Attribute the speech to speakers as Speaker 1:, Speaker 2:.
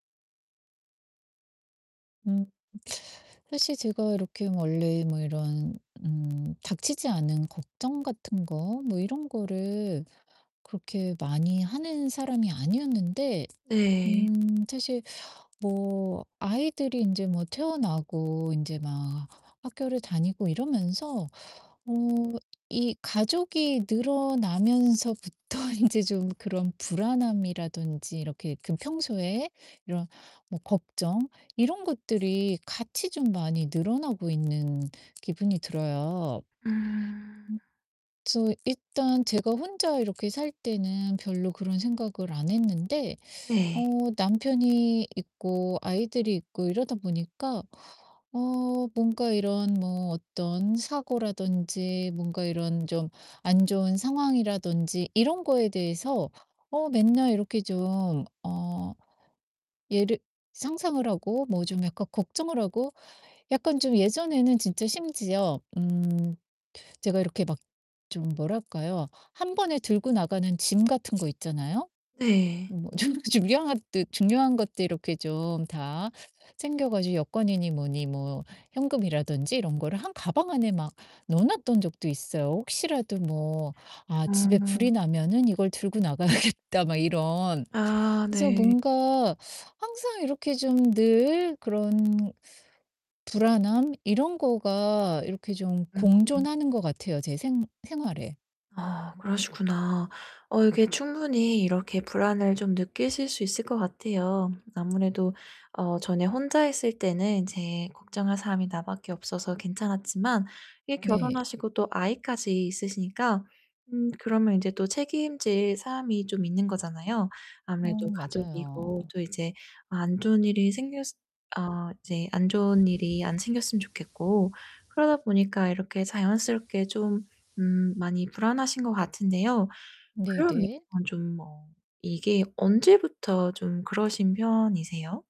Speaker 1: 음. 사실 제가 이렇게 원래 뭐 이런 음 닥치지 않은 걱정 같은 거 뭐 이런 거를 그렇게 많이 하는 사람이 아니었는데
Speaker 2: 네.
Speaker 1: 음 사실 뭐 아이들이 인제 뭐 태어나고 인제 막 학교를 다니고 이러면서 어 이 가족이 늘어나면서부터 인제 좀 그런 불안함이라든지 이렇게 그 평소에 이런 뭐 걱정 이런 것들이 같이 좀 많이 늘어나고 있는 기분이 들어요.
Speaker 2: 음.
Speaker 1: 음. 그래서 일단 제가 혼자 이렇게 살 때는 별로 그런 생각을 안 했는데 어
Speaker 2: 네.
Speaker 1: 남편이 있고 아이들이 있고 이러다 보니까 어 뭔가 이런 뭐 어떤 사고라든지 뭔가 이런 좀 안 좋은 상황이라든지 이런 거에 대해서 어 맨날 이렇게 좀 어 예를 상상을 하고 뭐 좀 약간 걱정을 하고 약간 좀 예전에는 진짜 심지어 음 제가 이렇게 막 좀 뭐랄까요? 1 번에 들고나가는 짐 같은 거 있잖아요?
Speaker 2: 네.
Speaker 1: 음 뭐 중 중요한 뜨 중요한 것들 이렇게 좀 다 챙겨 가지고 여권이니 뭐니 뭐 현금이라든지 이런 거를 한 가방 안에 막 넣어 놓았던 적도 있어요. '혹시라도 뭐 아 집에 불이
Speaker 2: [unintelligible]
Speaker 1: 나면은 이걸 들고 나가야겠다.' 막 이런.
Speaker 2: 아
Speaker 1: 그래서
Speaker 2: 네.
Speaker 1: 뭔가 항상 이렇게 좀 늘 그런 불안함 이런 거가 이렇게 좀
Speaker 2: 음음.
Speaker 1: 공존하는 것 같아요, 제 생 생활에.
Speaker 2: 아 그러시구나. 어 이게 충분히 이렇게 불안을 좀 느끼실 수 있을 것 같아요. 아무래도 어 전에 혼자 있을 때는 인제 걱정할 사람이 나밖에 없어서 괜찮았지만 이
Speaker 1: 네.
Speaker 2: 결혼하시고 또 아이까지 있으시니까 음 그러면 인제 또 책임질 사람이 좀 있는 거잖아요.
Speaker 1: 어
Speaker 2: 아무래도 가족이고
Speaker 1: 맞아요.
Speaker 2: 또 이제 안 좋은 일이 생겼을 어 이제 안 좋은 일이 안 생겼으면 좋겠고. 그러다 보니까 이렇게 자연스럽게 좀 음 많이 불안하신 것 같은데요. 그러면
Speaker 1: 네네.
Speaker 2: 좀 뭐 이게 언제부터 좀 그러신 편이세요?